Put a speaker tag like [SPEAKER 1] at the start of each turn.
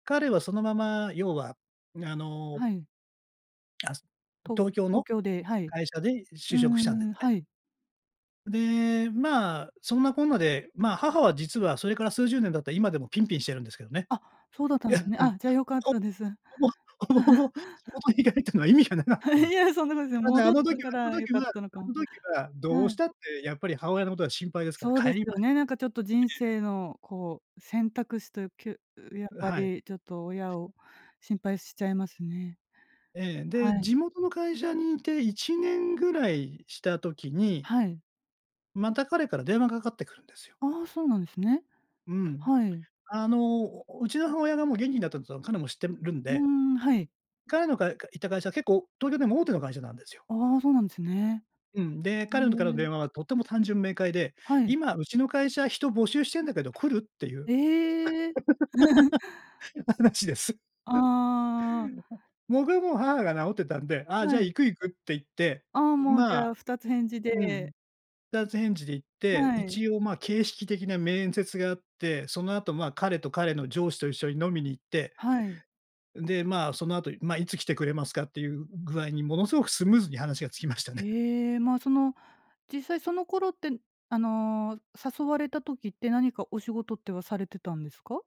[SPEAKER 1] 彼はそのまま、要はあの
[SPEAKER 2] はい。
[SPEAKER 1] あす
[SPEAKER 2] と
[SPEAKER 1] 東京
[SPEAKER 2] 東
[SPEAKER 1] の
[SPEAKER 2] 京で、はい。
[SPEAKER 1] 会社で
[SPEAKER 2] うー
[SPEAKER 1] 就職したんです
[SPEAKER 2] ん、
[SPEAKER 1] ね。
[SPEAKER 2] はい。
[SPEAKER 1] で、まあ、そんなこんなで、まあ母は実はそれから数十年経った今でもピンピンしてるんですけどね。
[SPEAKER 2] あ、そうだったんですね。あ、じゃあ良かっ
[SPEAKER 1] とう
[SPEAKER 2] たです。
[SPEAKER 1] ほぼほぼほぼ地 元に帰ったのは意味がなかった
[SPEAKER 2] い
[SPEAKER 1] で。
[SPEAKER 2] や、そんなことない。
[SPEAKER 1] ただ、
[SPEAKER 2] 戻
[SPEAKER 1] あ
[SPEAKER 2] っ
[SPEAKER 1] の時は
[SPEAKER 2] たか
[SPEAKER 1] あの
[SPEAKER 2] ら良
[SPEAKER 1] 時
[SPEAKER 2] かっ
[SPEAKER 1] は
[SPEAKER 2] たのか
[SPEAKER 1] あ
[SPEAKER 2] も。
[SPEAKER 1] ん時はど
[SPEAKER 2] は
[SPEAKER 1] うし
[SPEAKER 2] い。
[SPEAKER 1] たってやっぱり母親のことが心配ですから、
[SPEAKER 2] そう
[SPEAKER 1] 帰
[SPEAKER 2] です
[SPEAKER 1] りま
[SPEAKER 2] よね。なんかちょっと人
[SPEAKER 1] ええ。
[SPEAKER 2] 生のこう、選択肢という、きゅうやっ
[SPEAKER 1] う、
[SPEAKER 2] ぱ
[SPEAKER 1] はい。
[SPEAKER 2] りちょっと親を心配しちゃいますね。
[SPEAKER 1] ええ、で、
[SPEAKER 2] はい。
[SPEAKER 1] 地元の会社にいて1年ぐらいした時に
[SPEAKER 2] はい。
[SPEAKER 1] また彼から電話がかってくるんですよ。
[SPEAKER 2] ああ、そうなんですね。
[SPEAKER 1] うん。
[SPEAKER 2] はい。
[SPEAKER 1] あの、お、お、うちの母親がもう元気だったつのは、彼も知ってるるん
[SPEAKER 2] うー
[SPEAKER 1] で。
[SPEAKER 2] ん、はい。
[SPEAKER 1] 彼のかかいた会社は結構東京でも大手の会社なんですよ。
[SPEAKER 2] ああ、そうなんですね。
[SPEAKER 1] うん、で、
[SPEAKER 2] へ
[SPEAKER 1] 彼のとからの
[SPEAKER 2] え。
[SPEAKER 1] 電話はとても単純明快で
[SPEAKER 2] はい。
[SPEAKER 1] 「今うちの会社、人募集してんだけど、来る？」っていう
[SPEAKER 2] ええ。
[SPEAKER 1] 話です。
[SPEAKER 2] ああ。
[SPEAKER 1] 僕はもう母が治ってたんで、ああじゃあ
[SPEAKER 2] はい。
[SPEAKER 1] 行く行くって言って、
[SPEAKER 2] ああ、もうじ
[SPEAKER 1] ま
[SPEAKER 2] ゃ
[SPEAKER 1] あ
[SPEAKER 2] あ二つ返事
[SPEAKER 1] うん。
[SPEAKER 2] で。
[SPEAKER 1] 二つ返事で行って、
[SPEAKER 2] はい。
[SPEAKER 1] 一応まあ形式的な面接があって、その後ま、彼と彼の上司と一緒に飲みに行って、
[SPEAKER 2] はい。
[SPEAKER 1] で、まあ、その後、まいつ来てくれますか、っていう具合にものすごくスムーズに話がつきましたね。
[SPEAKER 2] へえ。まあその、実際その頃って、あの、誘われた時って、何かお仕事ってはされてたんですか？